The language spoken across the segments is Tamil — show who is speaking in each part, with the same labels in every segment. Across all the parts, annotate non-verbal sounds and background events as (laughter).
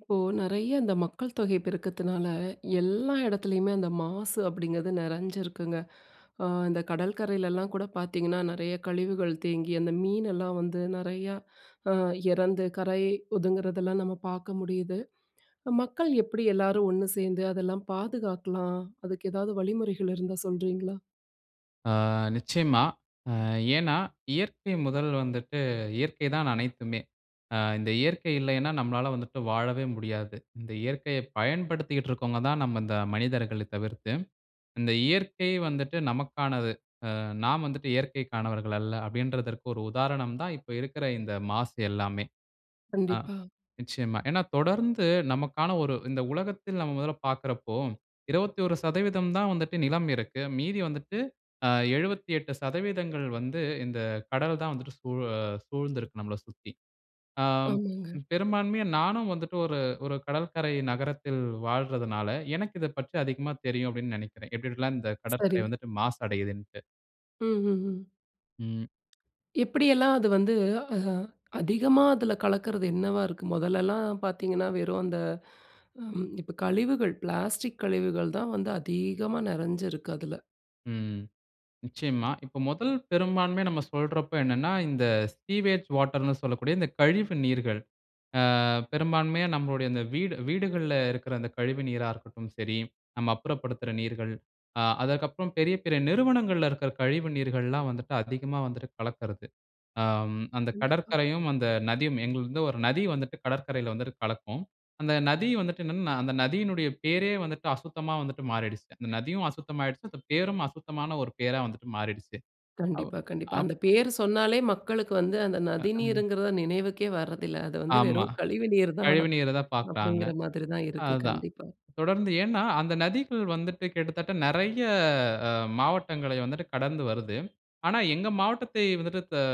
Speaker 1: இப்போ நிறைய அந்த மக்கள் தொகை பெருக்கத்துனால, எல்லா இடத்துலயுமே அந்த மாசு அப்டிங்றது நிறஞ்சிருக்குங்க. அ இந்த கடற்கரையிலலாம் கூட பாத்தீங்கன்னா, நிறைய கழிவுகள் தேங்கி அந்த மீனெல்லாம் வந்து நிறையா அ இறந்து கரை ஒதுங்குறதெல்லாம் நம்ம பாக்க முடியுது. மக்கள் எப்டி எல்லாரும் 1 சேந்து அதெல்லாம் பாதுகாக்கலாம்? அதுக்கு எதாவது வழிமுறைகள் இருந்தா சொல்றீங்களா?
Speaker 2: ஆ. நிச்சயமா. அ ஏன்னா? இயற்கை 1 வந்துட்டு இயற்கை தான் அனைத்துமே. அ இந்த இயற்கை இல்லையின்னா, நம்மலாள வந்துட்டு வாழவே முடியாது. இந்த இயற்கைய பயன்படுத்திட்டு இருக்கவங்க தான், நம்ம இந்த மனிதர்களை தவிர்த்து, இந்த இயற்கை வந்துட்டு நமக்கானது. அ நாம் வந்துட்டு இயற்கைக்கானவர்கள் அல்ல. அப்டின்றதுக்கு ஒரு உதாரணம் தான், இப்ப இருக்குற இந்த மாசு எல்லாமே. அ
Speaker 1: கண்டிப்பா.
Speaker 2: நிச்சயமா. ஏன்னா, தொடர்ந்து நமக்கான ஒரு இந்த உலகத்தில் நம்ம முதல பாக்குறப்போ, 21% தான் வந்துட்டு நிலம் இருக்கு. மீதி வந்துட்டு, அ 78% வந்து இந்த கடல் தான் வந்துட்டு சூழ சூழ்ந்து இருக்கு நம்மள சுத்தி. ஆ
Speaker 1: ஆமாங்க.
Speaker 2: பெரும்பான்மையா நானும் வந்துட்டு ஒரு, ஒரு கடற்கரை நகரத்தில் வாழ்றதுனால, எனக்கு இத பற்றி அதிகமா தெரியும், அப்டின்னு நெனைக்கிறேன். எப்டி எப்டிலாம் இந்த கடற்கரை
Speaker 1: சரி.
Speaker 2: வந்துட்டு மாசடையுதுன்ட்டு.
Speaker 1: ம், ம், ம்.
Speaker 2: ம்.
Speaker 1: எப்பிடியெல்லாம் அது வந்து அஹ அதிகமா அதில கலக்குறது என்னவா இருக்கு? மொதலெல்லாம் பார்த்தீங்கனா, வெறும் அந்த (inhales) அம் இப்ப கழிவுகள், பிளாஸ்டிக் கழிவுகள் தான் வந்து அதிகமா நெறஞ்சு இருக்கு. அதுல.
Speaker 2: ம். நிச்சயமா. இப்ப முதல் பெரும்பான்மைய நம்ம சொல்றப்ப என்னனா, இந்த சீவேஜ் வாட்டர் னு சொல்லக்கூடிய, இந்த கழிவு நீர்கள். ஆ, பெரும்பான்மையா நம்முடைய இந்த வீடு, வீடுகள்ல இருக்குற அந்த கழிவு நீரா இருக்கட்டும் சரி, நம்ம அப்புறப்படுத்துற நீர்கள் ஆ. அதற்கு அப்புறம், பெரிய, பெரிய நிறுவனங்கள்ல இருக்குற கழிவு நீர்கள்லாம் வந்துட்டு அதிகமா வந்துட்டு கலக்கிறது. அம், அந்த
Speaker 1: கண்டிப்பா.
Speaker 2: கடற்கரையும், அந்த நதியும் எங்கள்து வந்து 1 நதி வந்துட்டு கடற்கரையில வந்துட்டு கலக்கும். அந்த நதி வந்துட்டு என்னனா, அந்த நதியினுடைய பேரே வந்துட்டு, அசுத்தமா வந்துட்டு மாறிடிச்சு. அந்த
Speaker 1: (breath)
Speaker 2: நதியும் அசுத்தமாயிடுச்சு. அந்த பேரும் அசுத்தமான 1 பேரா வந்துட்டு மாறிடிச்சு. அவ்
Speaker 1: கண்டிப்பா. கண்டிப்பா.
Speaker 2: அப்
Speaker 1: அந்த பேரு சொன்னாலே, மக்களுக்கு வந்து அந்த
Speaker 2: ஹ்,
Speaker 1: நதி
Speaker 2: அ.
Speaker 1: நீருங்கிறத நினைவுக்கே வர்றதில்ல. அது வந்து
Speaker 2: ஆமா.
Speaker 1: வெறும் கழிவு நீர் தான்
Speaker 2: கழிவுநீர தான் பாக்குறாங்க.
Speaker 1: அப்பிடிங்கிற மாதிரி தான் இருக்கு.
Speaker 2: அதுதான்.
Speaker 1: கண்டிப்பா.
Speaker 2: தொடர்ந்து ஏன்னா, அந்த நதிகள் வந்துட்டு, கிட்டத்தட்ட நிறைய அ மாவட்டங்களை வந்துட்டு கடந்து வருது. ஆனா, எங்க மாவட்டத்தை வந்துட்டு, அ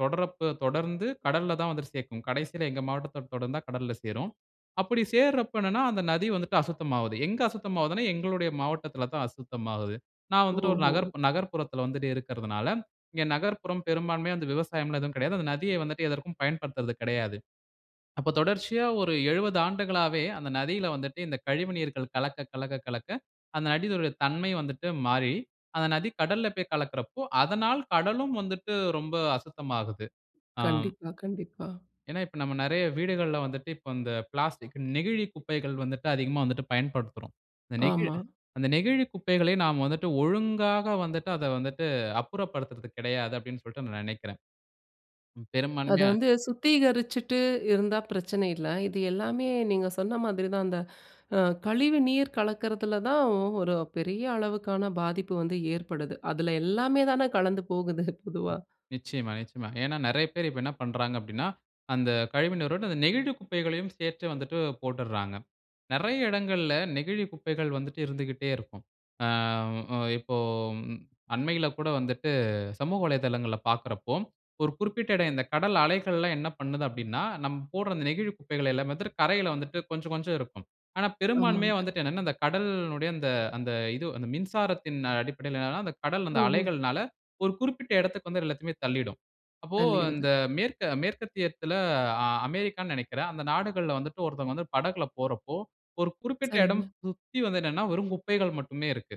Speaker 2: தொட்ரப்ப தொடர்ந்து கடல்ல தான் வந்துட்டு சேக்கும். கடைசியில எங்க மாவட்டத்த தொடர்ந்தா கடல்ல சேரும். அப்பிடி சேர்றப்ப என்னனா, அந்த நதி வந்துட்டு அசுத்தமாவுது. எங்க அசுத்தமாவுதுன்னா, எங்களுடைய மாவட்டத்தில தான் அசுத்தமாகுது. நான் வந்துட்டு, 1
Speaker 1: ம்ஹ்ம்.
Speaker 2: நகர்ப் நகர்ப்புறத்தில வந்துட்டு இருக்கிறதுனால, இங்க நகர்ப்புற பெரும்பான்மையா அந்த விவசாயம்லாம் எதுவும் கிடையாது. அந்த நதிய வந்துட்டு, எதற்கும் பயன்படுத்துறது கிடையாது. அப்ப தொடர்ச்சியா, 1 70 ஆண்டுகளாவே அந்த நதியில வந்துட்டு, இந்த கழிவுநீர்கள் கலக்க, கலக்க, கலக்க, அந்த நதியினுடைய தன்மை வந்துட்டு மாறி, அந்த நதி கடல்ல போய் கலக்குறப்போ, அதனால் கடலும் வந்துட்டு ரொம்ப அசுத்தமாகுது. ஆம்
Speaker 1: கண்டிப்பா, கண்டிப்பா.
Speaker 2: ஏனா, இப்ப நம்ம நெறய வீடுகள்ல வந்துட்டு, இப்ப அந்த பிளாஸ்டிக் நெகிழி குப்பைகள் வந்துட்டு அதிகமா வந்துட்டு பயன்படுத்துறோம். அந்த நெகிழ்
Speaker 1: ஆமா.
Speaker 2: அந்த நெகிழி குப்பைகளை நாம் வந்துட்டு ஒழுங்காக வந்துட்டு அதை வந்துட்டு அப்புறப்படுத்துறது கிடையாது அப்பிடினு சொல்லிட்டு நான் நினைக்கிறேன்.
Speaker 1: அதை
Speaker 2: பெரும்பான்மையா
Speaker 1: வந்து சுத்திகரிச்சுட்டு இருந்தா பிரச்சனை இல்ல. இது எல்லாமே நீங்க சொன்ன மாதிரி தான், அந்த அ கழிவு நீர் கலக்கிறதுல தான் ஒ 1 பெரிய அளவுக்கான பாதிப்பு வந்து ஏற்படுது. அதல எல்லாமே தான கலந்து போகுது, பொதுவா
Speaker 2: நிச்சயம, நிச்சயமா. ஏனா நிறைய பேரு இப்ப என்ன பண்றாங்க அப்பிடினா, அந்த கழிவு நீரோட, அந்த நெகிழி குப்பைகளையும் சேர்த்து வந்துட்டு போட்டுர்றாங்க. நெறைய இடங்கள்ல நெகிழி குப்பைகள் வந்துட்டு இருந்துகிட்டே இருக்கும். ஆ, அ, இப்போ ம் அண்மையில கூட வந்துட்டு சமூக வலைதளங்கல பாக்குறப்போ, 1 குறிப்பிட்ட இடம், இந்த கடல் அலைகள்லாம் என்ன பண்ணுது அப்பிடினா, நம்ம போடுற அந்த நெகிழி குப்பைகள எல்லாமே வந்துட்டு கரையில வந்துட்டு கொஞ்ச, கொஞ்சம் இருக்கும். ஆனா, பெரும்பான்மையா
Speaker 1: ஆமாங்க.
Speaker 2: வந்துட்டு என்னனா, இந்த கடல்னுடைய அந்த அந்த இது அந்த மின்சாரத்தின் அடிப்படையில ஏனா, அந்த கடல்
Speaker 1: ம்.
Speaker 2: அந்த
Speaker 1: ம்.
Speaker 2: அலைகள்னால 1 குறிப்பிட்ட எடத்துக்கு வந்து எல்லாத்தையுமே தள்ளிடும். அப்போ
Speaker 1: அழிடுது.
Speaker 2: அந்த மேற்க மேற்கத்தியத்தில, அ அமெரிக்கான்னு நினைக்கிறேன், அந்த நாடுகள்ல வந்துட்டு ஒருத்தவங்க வந்து படகில போறப்போ, 1 குறிப்பிட்ட இடம்
Speaker 1: சரிங்க.
Speaker 2: சுத்தி வந்து நின்னா, வெறும் குப்பைகள் மட்டுமே இருக்கு.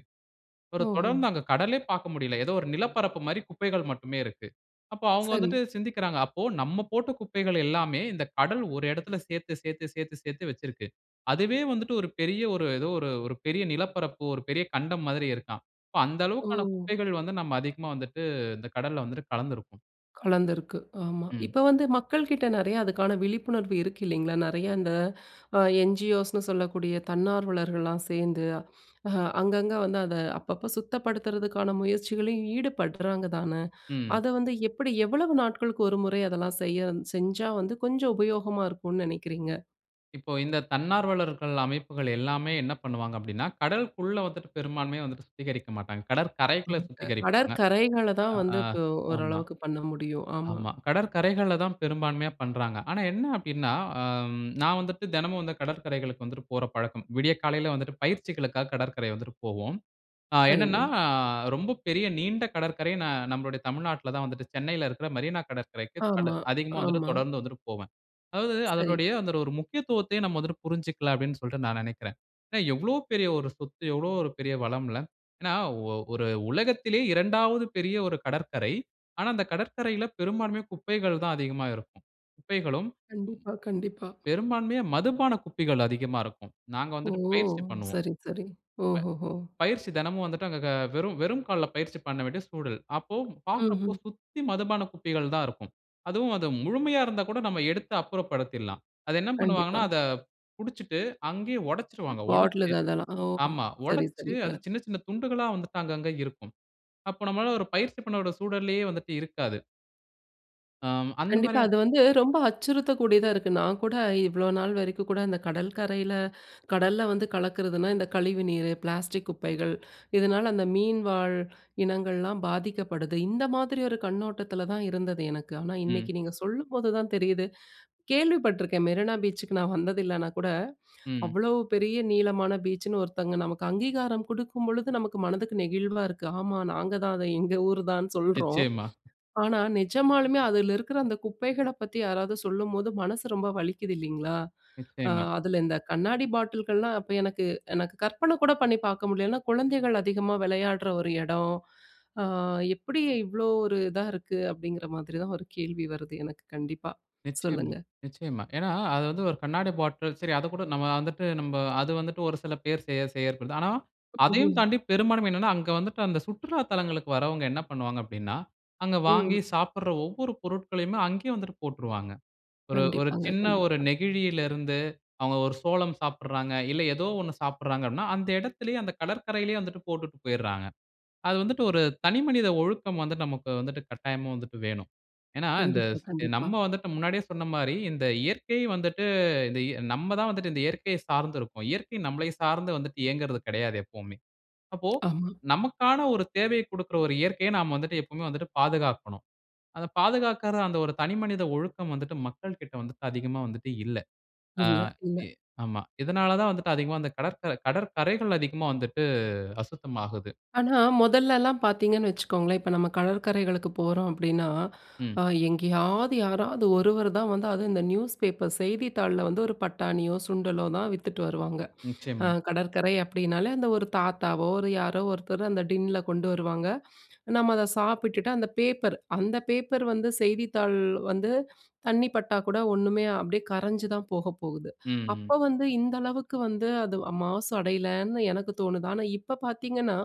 Speaker 2: 1
Speaker 1: ஓஹோ!
Speaker 2: தொடர்ந்து அங்க கடலே பார்க்க முடியல. ஏதோ 1 நிலப்பரப்பு மாரி குப்பைகள் மட்டுமே இருக்கு. அப்ப அவுங்க
Speaker 1: சரி.
Speaker 2: வந்துட்டு சிந்திக்கிறாங்க. அப்ப நம்ம போட்ட குப்பைகள் எல்லாமே இந்த கடல் 1 இடத்தில சேர்த்து, சேர்த்து, சேர்த்து, சேர்த்து வச்சுருக்கு. அதுவே வந்துட்டு 1 பெரிய 1 ஏதோ 1 1 பெரிய நிலப்பரப்பு 1 பெரிய கண்டம் மாதிரி இருக்காம். அப்போ அந்த அளவுக்கான
Speaker 1: ஓ.
Speaker 2: குப்பைகள் வந்து நம்ம அதிகமா வந்துட்டு, இந்த கடல்ல வந்துட்டு கலந்து இருக்கோம்.
Speaker 1: கலந்திருக்கு, ஆமா.
Speaker 2: ம்.
Speaker 1: இப்ப வந்து மக்கள்கிட்ட நெறைய அதுக்கான விழிப்புணர்வு இருக்கு இல்லேங்களா? நிறையா அந்த (inhales) அ, என்-ஜி-ஓஸ் ன்னு சொல்லக்கூடிய தன்னார்வலர்கள்லாம் சேர்ந்து (inhales) அ, அங்கங்க வந்து, அத அப்பப்ப சுத்தப்படுத்துறதுக்கான முயற்சிகளையும் ஈடுபடுறாங்க தான. (inhales)
Speaker 2: ம்.
Speaker 1: அத வந்து எப்பிடி எவ்வளவு நாட்களுக்கு 1 முறை அதெல்லாம் செய வந் செஞ்சா வந்து கொஞ்சம் உபயோகமா இருக்குன்னு நினைக்கிறீங்க?
Speaker 2: இப்போ, இந்த தன்னார்வலர்கள் அமைப்புகள் எல்லாமே என்ன பண்ணுவாங்க அப்படின்னா கடலுக்குள்ள வந்துட்டு பெரும்பான்மையா வந்து சுத்திகரிக்க மாட்டாங்க.
Speaker 1: ம்.
Speaker 2: கடற்கரைக்குள்ள
Speaker 1: க
Speaker 2: சுத்திகரிப்பாங்க.
Speaker 1: கடற்கரைகள தான்
Speaker 2: ஆ
Speaker 1: வந்து இப்ப
Speaker 2: ஆமா
Speaker 1: ஓரளவுக்கு பண்ண முடியும். ஆமா.
Speaker 2: ஆமா. கடற்கரைகள்ல தான் பெரும்பான்மையா பண்றாங்க. ஆனா என்ன அப்படின்னா அம் நான் வந்துட்டு தினமும் வந்து கடற்கரைகளுக்கு வந்துட்டு போற பழக்கம். விடிய காலையில வந்துட்டு பயிற்சிகளுக்காக கடற்கரை வந்துட்டு போவோம். அ என்னன்னா,
Speaker 1: சரிங்க.
Speaker 2: ரொம்ப பெரிய நீண்ட கடற்கரை ந நம்மளுடைய தமிழ்நாட்டில தான் வந்துட்டு சென்னையில இருக்கிற மெரீனா கடற்கரைக்கு தட
Speaker 1: ஆமா,
Speaker 2: அதிகமா வந்துட்டு
Speaker 1: ஆமா.
Speaker 2: தொடர்ந்து வந்துட்டு போவேன். அதாவது
Speaker 1: சரி.
Speaker 2: அதனுடைய அந்த ஒரு முக்கியத்துவத்தை நம்ம வந்துட்டு புரிஞ்சுக்கல அப்படீன்னு சொல்ட்டு நான் நெனைக்கிறேன். அ எவ்வளோ பெரிய ஒரு சொத்து, எவ்வளோ ஒரு பெரிய வளம்ல. ஏன்னா ஒ ஒரு உலகத்திலயே 2வது பெரிய ஒரு கடற்கரை. ஆனா அந்த கடற்கரையில பெரும்பான்மையா குப்பைகள் தான் அதிகமா இருக்கும். குப்பைகளும்,
Speaker 1: கண்டிப்பா, கண்டிப்பா.
Speaker 2: பெரும்பான்மையா மதுபான குப்பைகள் அதிகமா இருக்கும். நாங்க
Speaker 1: ஓ!
Speaker 2: வந்துட்டு பயிற்சி பண்ணுவோம்.
Speaker 1: சரி, சரி. ஓஹோஹோ!
Speaker 2: ப பயிற்சி தினமும் வந்துட்டு அங்க க வெறும் வெறும் கால்ல பயிற்சி பண்ண வேண்டிய சூழல். அப்போ, பாக்குறப்போ
Speaker 1: ம்ஹ்ம்.
Speaker 2: சுத்தி மதுபானம் குப்பைகள் தான் இருக்கும். அதுவும் அது முழுமையா இருந்தா கூட நம்ம எடுத்து அப்புறப்படுத்திடலாம். அதை என்ன
Speaker 1: கண்டிப்பா.
Speaker 2: பண்ணுவாங்கன்னா அத குடிச்சுட்டு அங்கயே
Speaker 1: (grunts)
Speaker 2: உடைச்சுருவாங்க
Speaker 1: பாட்டல்
Speaker 2: உடைச்சு
Speaker 1: இது அதெல்லாம் ஓ!
Speaker 2: ஆமா.
Speaker 1: சரி,
Speaker 2: உடைச்சு அது
Speaker 1: சரிங்க.
Speaker 2: சின்ன சின்ன துண்டுகளா வந்துட்டு அங்க அங்க இருக்கும். அப்போ நம்மளால ஒரு பயிற்சி பண்ணவிட சூழல்லேயே வந்துட்டு இருக்காது. ஆம். அந்த
Speaker 1: கண்டிப்பா.
Speaker 2: மாரியா
Speaker 1: அது வந்து ரொம்ப அச்சுறுத்தக்கூடியதா இருக்கு. நான் கூட இவ்ளோ நாள் வரைக்கும் கூட அந்த கடல்கரையில (inhales) கடல்ல வந்து கலக்கிறதுனா, இந்த கழிவு நீரு, பிளாஸ்டிக் குப்பைகள், (inhales) இதனால அந்த மீன் வாழ் இனங்கள்லாம் பாதிக்கப்படுது. இந்த மாதிரி ஒரு கண்ணோட்டத்தில தான் இருந்தது எனக்கு. ஆனா,
Speaker 2: ம்.
Speaker 1: இன்னைக்கு நீங்க சொல்லும்போது தான் தெரியுது, (inhales) கேள்வி பட்டுருக்கேன். மெரினா பீச்சுக்கு நான் வந்தது இல்லைன்னா கூட,
Speaker 2: ம்.
Speaker 1: அவ்வளவு பெரிய நீளமான பீச்சுன்னு ஒருத்தங்க நமக்கு அங்கீகாரம் குடுக்கும்பொழுது நமக்கு மனதுக்கு நெகிழ்வா இருக்கு. ஆமா நாங்க தான், அத எங்க ஊர் தான்ன்னு சொல்றோம்.
Speaker 2: நிச்சயமா.
Speaker 1: ஆனா, நிஜமாலுமே அதில இருக்கிற அந்த குப்பைகளைப் பத்தி யாராவது சொல்லும்போது மனசு ரொம்ப வலிக்குது இல்லைங்களா? (inhales) ஆ,
Speaker 2: நிச்சயமா.
Speaker 1: அதில இந்த கண்ணாடி பாட்டில்கள்லாம் அப்ப எனக்கு எனக்கு கற்பன கூட பண்ணி பார்க்க முடியல. ஏன்னா, குழந்தைகள் அதிகமா விளையாடுற ஒரு இடம். (inhales) ஆ, எப்படி இவ்வளோ ஒரு இதா இருக்கு அப்படிங்கிற மாதிரி தான் ஒரு கேள்வி வருது, எனக்கு கண்டிப்பா.
Speaker 2: நிச்சயமா.
Speaker 1: சொல்லுங்க.
Speaker 2: நிச்சயமா. ஏனா அது வந்து ஒரு கண்ணாடி பாட்டில், சரி அத கூட நம்ம வந்துட்டு, அது வந்துட்டு ஒரு சில பேர் செய செய செய்யப்படுது. ஆனா அதையும்
Speaker 1: ம்ஹ்ம்.
Speaker 2: தாண்டி பெரும்பான்மை என்னனா, அங்க வந்துட்டு அந்த சுற்றுலா தலங்களுக்கு வரவுங்க என்ன பண்ணுவாங்க அப்படினா, அங்க வாங்கி
Speaker 1: ம்.
Speaker 2: சாப்பிடுற ஒவ்வொரு பொருட்களையுமே அங்கேயே வந்துட்டு போட்றுவாங்க.
Speaker 1: (grunts)
Speaker 2: ஒரு ஒரு
Speaker 1: கண்டிப்பாங்க,
Speaker 2: சின்ன ஒரு
Speaker 1: கண்டிப்பா.
Speaker 2: நெகிழியில இருந்து, அவங்க ஒரு சோளம் சாப்பிடுறாங்க. இல்ல ஏதோ ஒண்ணு சாப்பிடுறாங்க அப்படினா, அந்த இடத்திலேயே அந்த கடற்கரையிலேயே வந்துட்டு போட்டுட்டு போய்டுறாங்க. அது வந்துட்டு ஒரு தனி மனித ஒழுக்கம் வந்து, நமக்கு வந்துட்டு கட்டாயமா வந்துட்டு வேணும். ஏன்னா இந்த
Speaker 1: கண்டிப்பா,
Speaker 2: சே
Speaker 1: கண்டிப்பா.
Speaker 2: நம்ம வந்துட்டு முன்னாடியே சொன்ன மாரி, இந்த இயற்கை வந்துட்டு இந்த நம்ம தான் வந்துட்டு இந்த இயற்கையை சார்ந்து இருக்கிறோம். இயற்கை நம்மளை சார்ந்து வந்துட்டு இயங்குறது கிடையாது எப்பவுமே. அப்போ
Speaker 1: ஆமா.
Speaker 2: நமக்கான ஒரு தேவையைக் குடுக்கிற ஒரு இயற்கைய நாம வந்துவிட்டு எப்பவுமே வந்துட்டு பாதுகாக்கணும். அத பாதுகாக்கிற அந்த ஒரு தனிமனித ஒழுக்கம் வந்துட்டு மக்களிடம் வந்துட்டு அதிகமா வந்துட்டு இல்ல. ஆ
Speaker 1: இல்ல, இல்ல.
Speaker 2: எ ஆமா. இதனால தான் வந்துட்டு அதிகமா அந்த கடற்கரை கடற்கரைகள் அதிகமா வந்துட்டு அசுத்தமாகுது.
Speaker 1: ஆனா மொதல்லலாம் பார்த்தீங்கன்னு வச்சுக்கோங்களேன், இப்ப நம்ம கடற்கரைகளுக்கு போறோம் அப்படின்னா, (inhales)
Speaker 2: ம்.
Speaker 1: அ எங்கேயாவது யாராவது ஒருவர் தான் வந்து அதுவும் இந்த நியூஸ் பேப்பர் செய்தித்தாள்ல வந்து ஒரு பட்டாணியோ, சுண்டலோ, தான் வித்துட்டு வருவாங்க. (inhales) ஆ
Speaker 2: நிச்சயமா.
Speaker 1: கடற்கரை அப்படினாலே அந்த ஒரு தாத்தாவோ, ஒரு யாரோ ஒருத்தர் அந்த டின்னில கொண்டு வருவாங்க. நம்ம அத சாப்பிட்டுட்டு அந்த பேப்பர் அந்த பேப்பர் வந்து செய்தித்தாள் வந்து தண்ணி பட்டா கூட ஒண்ணுமே அப்படியே கரைஞ்சு தான் போக போகுது.
Speaker 2: ம், ம்.
Speaker 1: அப்ப வந்து இந்த அளவுக்கு வந்து அது மாசு அடையலன்னு எனக்கு தோணுது. ஆனா இப்ப பார்த்தீங்கன்னா,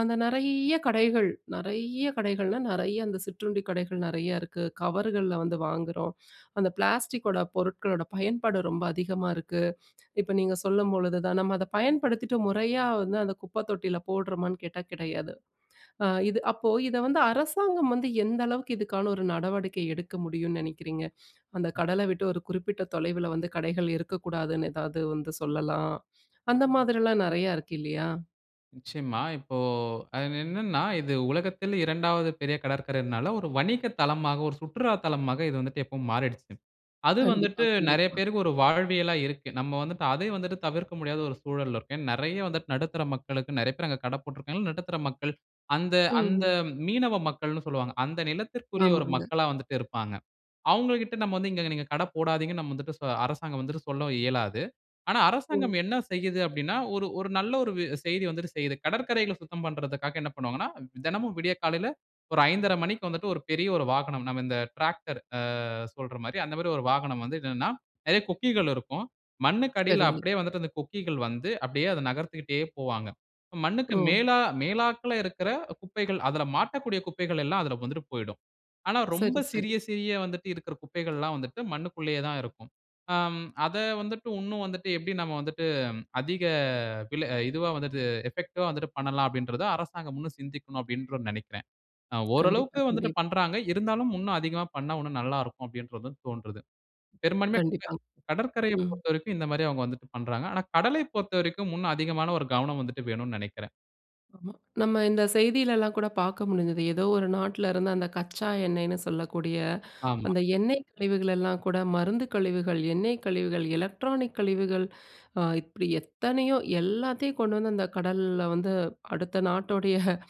Speaker 1: அந்த நிறைய கடைகள், நிறைய கடைகள்னா நிறைய அந்த சிற்றுண்டி கடைகள் நிறையா இருக்கு. கவர்கள்ல வந்து வாங்குறோம். (inhales) அந்த பிளாஸ்டிக்கோட பொருட்களோட பயன்பாடு ரொம்ப அதிகமா இருக்கு. இப்ப நீங்க சொல்லும்பொழுது தான், நம்ம அத பயன்படுத்திவிட்டு முறையா வந்து அந்த குப்ப தொட்டியில போடுறோமான்னு கேட்டா கிடையாது. (inhales) ஆ இது அப்போ இத வந்து அரசாங்கம் வந்து எந்த அளவுக்கு இதுக்கான ஒரு நடவடிக்கை எடுக்க முடியும்னு நினைக்கிறீங்க? அந்த கடல விட்டு ஒரு குறிப்பிட்ட தொலைவில வந்து கடைகள் இருக்கக்கூடாதுன்னு, எதாவது வந்து சொல்லலாம்.
Speaker 2: அ.
Speaker 1: அந்த மாதிரிலாம் நிறையா இருக்கு இல்லையா?
Speaker 2: நிச்சயமா. இப்போ அது என்னென்னா, இது உலகத்தில் 2வது பெரிய கடற்கரைனால, ஒரு வணிக தளமாக, ஒரு சுற்றுலா தளமாக இது வந்துட்டு எப்பவும் மாறிடுச்சு. அது
Speaker 1: கண்டிப்பா,
Speaker 2: வந்துட்டு, நெறைய
Speaker 1: கண்டிப்பா.
Speaker 2: பேருக்கு ஒரு வாழ்வியலா இருக்கு. நம்ம வந்துட்டு, அதையும் வந்துட்டு தவிர்க்க முடியாத ஒரு சூழல்ல இருக்கோம். ஏன்னா, நெறைய வந்துட்டு நடுத்தர மக்களுக்கு நெறைய பேரு அங்க கடை போட்ருக்காங்க. நடுத்தர மக்கள், அந்த
Speaker 1: ம்,
Speaker 2: அந்த
Speaker 1: ம்.
Speaker 2: மீனவ மக்கள்னு சொல்லுவாங்க. அந்த நிலத்திற்குரிய ஒரு
Speaker 1: ஆமாங்க.
Speaker 2: மக்களா வந்துட்டு இருப்பாங்க. அவுங்ககிட்ட நம்ம வந்து, இங்க நீங்க கடை போடாதீங்க. நம்ம வந்துட்டு அரசாங்கம் வந்துட்டு சொல்ல இயலாது. ஆனா, அரசாங்கம்
Speaker 1: ம்.
Speaker 2: என்ன செய்யுது அப்படின்னா, ஒரு ஒரு நல்ல, ஒரு வ செய்தி வந்துட்டு செய்து. கடற்கரைகள சுத்தம் பண்றதுக்காக என்ன பண்ணுவாங்கன்னா, தெனமும் விடிய காலைல ஒரு 5 1/2 மணிக்கு வந்துட்டு, ஒரு பெரிய ஒரு வாகனம், நம்ம இந்த டிராக்டர் அ சொல்ற மாதிரி அந்த மாதிரி, ஒரு வாகனம் வந்து இதுன்னா, நெறைய கொக்கிகள் இருக்கும். மண்ணுக்கு அடியில
Speaker 1: சரிங்க.
Speaker 2: அப்டியே வந்துட்டு, அந்த கொக்கிகள் வந்து, அப்டியே அத நகர்த்திக்கிட்டே போவாங்க. மண்ணுக்கு
Speaker 1: ஓ
Speaker 2: மேலா மேலாக்கில இருக்குற குப்பைகள், அதில மாட்டக்கூடிய குப்பைகள், எல்லாம் அதில வந்துட்டு போய்டும். ஆனா, ரொம்ப
Speaker 1: சரி, சரி.
Speaker 2: சிறிய சிறிய வந்துட்டு இருக்குற குப்பைகள்லாம் வந்துட்டு, மண்ணுக்குள்ளேயே தான் இருக்கும். ஆ அதை வந்துட்டு, இன்னும் வந்துட்டு, எப்படி நம்ம வந்துட்டு, அதிக அ விலை இதுவா வந்துட்டு, எஃபெக்டிவா வந்துட்டு பண்ணலாம். அப்படின்றத அரசாங்கம் இன்னும் சிந்திக்கனும். அப்படின்ற நெனைக்கிறேன். அ
Speaker 1: கண்டிப்பா,
Speaker 2: ஓரளவுக்கு வந்துட்டு
Speaker 1: கண்டிப்பா.
Speaker 2: பண்ராங்க. இருந்தாலும் இன்னும் அதிகமா பண்ணா, இன்னும் நல்லாருக்கும் அப்டின்றது தோண்றது. பெரும்பான்மைய க
Speaker 1: கண்டிப்பா.
Speaker 2: கடற்கரையை
Speaker 1: ம்.
Speaker 2: பொறுத்தவரைக்கும், இந்த மாரி அவுங்க வந்துட்டு பண்றாங்க. "ஆனா கடலை பொறுத்தவரைக்கும் இன்னும் அதிகமான ஒரு கவனம் வந்துட்டு வேணுன்னு நினைக்கிறேன்."
Speaker 1: ஆமா. நம்ம இந்த செய்திலலாம் கூட பார்க்க முடிஞ்சது. ஏதோ ஒரு நாட்டுல இருந்து அந்த கச்சா எண்ணெய்னு சொல்லக்கூடிய (inhales)
Speaker 2: ஆமா.
Speaker 1: அந்த எண்ணெய் கழிவுகளெல்லாம் கூட மருந்து கழிவுகள், எண்ணெய் கழிவுகள், எலக்ட்ரானிக் கழிவுகள் (inhales) இப்படி எத்தனையோ, எல்லாத்தையும் கொண்டு வந்து அந்த கடல்ல வந்து, அடுத்த நாட்டோடைய (chuckles)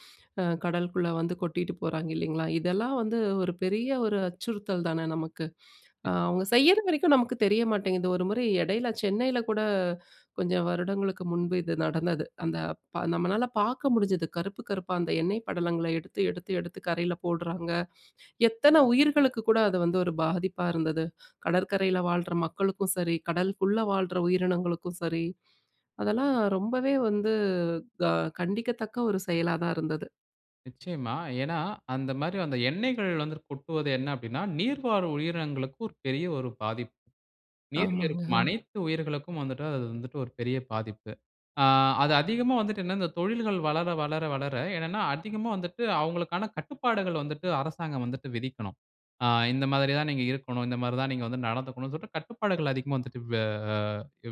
Speaker 1: கடலுக்குள்ளே வந்து கொட்டிட்டு போறாங்க, இல்லைங்களா? இதெல்லாம் வந்து ஒரு பெரிய ஒரு அச்சுறுத்தல் தானே நமக்கு. (inhales) அவங்க செய்யற வரைக்கும் நமக்கு தெரிய மாட்டேங்குது. ஒரு முறை இடையில சென்னையில கூட (breath) கொஞ்சம் வருடங்களுக்கு முன்பு இது நடந்தது. அந்த நம்மளால பார்க்க முடிஞ்சது. கருப்பு கருப்பா அந்த எண்ணெய் படலங்களை எடுத்து, எடுத்து, எடுத்து கரையில போடுறாங்க. (breath) எத்தன உயிர்களுக்கு கூட அது வந்து ஒரு பாதிப்பா இருந்தது. (breath) கடற்கரையில வாழ்ற மக்களுக்கும் சரி, கடலுக்குள்ளே வாழ்ற உயிரினங்களுக்கும் சரி, அதெல்லாம் ரொம்பவே வந்து க கண்டிக்கத்தக்க ஒரு செயலா தான் இருந்தது.
Speaker 2: நிச்சயமா. ஏனா, அந்த மாதிரி அந்த எண்ணெய்கள் வந்து கொட்டுவது என்ன அப்படினா, நீர்வாழ் உயிரினங்களுக்கு ஒரு பெரிய ஒரு பாதிப்பு. நீரில்
Speaker 1: ஆமாங்க,
Speaker 2: இருக்கும்
Speaker 1: ஹம்.
Speaker 2: அனைத்து உயிர்களுக்கும் வந்துட்டு அது வந்துட்டு ஒரு பெரிய பாதிப்பு. ஆ அது அதிகமா வந்துட்டு, என்ன இந்த தொழில்கள் வளர, வளர, வளர என்னன்னா, அதிகமா வந்துட்டு அவங்களுக்கான கட்டுப்பாடுகள் வந்துட்டு, அரசாங்கம் வந்துட்டு விதிக்கனும். ஆ, இந்த மாதிரி தான் நீங்க இருக்கனும், இந்த மாதிரி தான் நீங்க வந்து நடந்துக்கனும். சொல்லிட்டு கட்டுப்பாடுகள் அதிகமா வந்துட்டு வே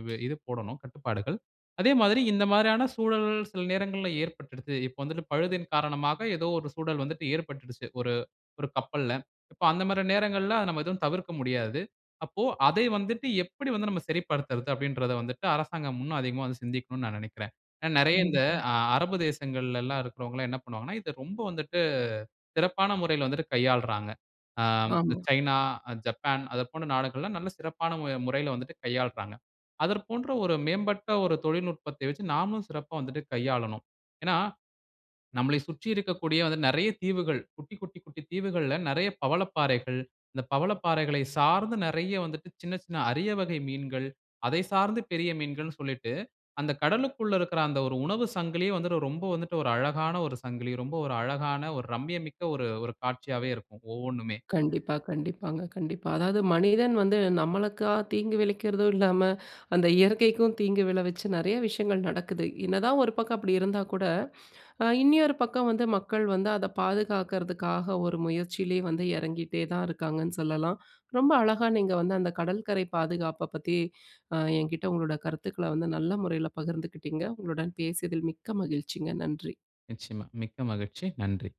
Speaker 2: வே இது போடணும் கட்டுப்பாடுகள். அதே மாதிரி, இந்த மாதிரியான சூழல் சில நேரங்கள்ல ஏற்பட்டுடுது. இப்போ வந்துட்டு பழுதின் காரணமாக ஏதோ ஒரு சூழல் வந்துட்டு ஏற்பட்டுச்சி ஒரு ஒரு கப்பல்ல. இப்போ அந்த மாதிரி நேரங்கள்ல, அத நம்ம எதுவும் தவிர்க்க முடியாது. அப்போ அதை வந்துட்டு எப்படி வந்து நாம் சரிப்படுத்தறது அப்படின்றத வந்துட்டு, அரசாங்கம் இன்னும் அதிகமா சிந்திக்கனும்னு நான் நினைக்கிறேன். நிறைய இந்த
Speaker 1: கண்டிப்பா.
Speaker 2: அ அரபு தேசங்கள்லல்லாம் இருக்குறவங்கல்லாம் என்ன பண்ணுவாங்கன்னா, இதை ரொம்ப வந்துட்டு சிறப்பான முறையில் வந்து கையாள்றாங்க. ஆ
Speaker 1: ஆமா.
Speaker 2: சைனா, ஜப்பான் அது போன்ற நாடுகள்லாம் நல்ல சிறப்பான முறையில வந்துட்டு கையாள்றாங்க. அதர் போன்ற ஒரு மேம்பட்ட ஒரு தொழில்நுட்பத்தை வச்சி, நாமளும் சிறப்பா வந்துட்டு கையாளணும். (breath) ஏன்னா, நம்மளை சுற்றி இருக்கக்கூடிய வந்து நிறைய தீவுகள், குட்டி, குட்டி, குட்டி தீவுகள்ல நிறைய பவளப்பாறைகள், இந்த பவளப்பாறைகளை சார்ந்து நிறைய வந்துட்டு சின்ன சின்ன அரிய வகை மீன்கள், அதை சார்ந்து பெரிய மீன்கள்ன்னு சொல்லிட்டு அந்த கடலுக்குள இருக்குற அந்த ஒரு உணவு சங்கிலியே வந்து ரொம்ப வந்துட்டு, ஒரு அழகான ஒரு சங்கிலி ரொம்ப ஒரு அழகான, ஒரு ரம்மியமிக்க ஒரு ஒரு காட்சியாகவே இருக்கும் ஒவ்வொன்னுமே.
Speaker 1: கண்டிப்பா, கண்டிப்பாங்க, கண்டிப்பா. அதாவது மனிதன் வந்து நம்மளுக்கா தீங்கு விளைவிக்கிறதா இல்லாம (inhales) அந்த இயற்கைக்கும் தீங்கு விளை வச்சு, நிறைய விஷயங்கள் நடக்குது. என்னதான் ஒரு பக்கம் அப்படி இருந்தா கூட, (inhales) இனினொரு பக்கம் வந்து மக்கள் வந்து அத பாதுகாக்கிறதுக்காக ஒரு முயற்சியிலேயே வந்து இறங்கிட்டே தான் இருக்காங்கன்னு சொல்லலாம். ரெம்ப அழகா நீங்க வந்து அந்த கடல்கரை பாதுகாப்ப பத்தி, (breath) என்கிட்டே உங்களோட கருத்துக்கள வந்து நல்ல முறையில பகிர்ந்துக்கிட்டிங்க. உங்களுடன் பேசியதில் மிக்க மகிழ்ச்சிங்க. நன்றி.
Speaker 2: நிச்சயமா மிக்க மகிழ்ச்சி. நன்றி.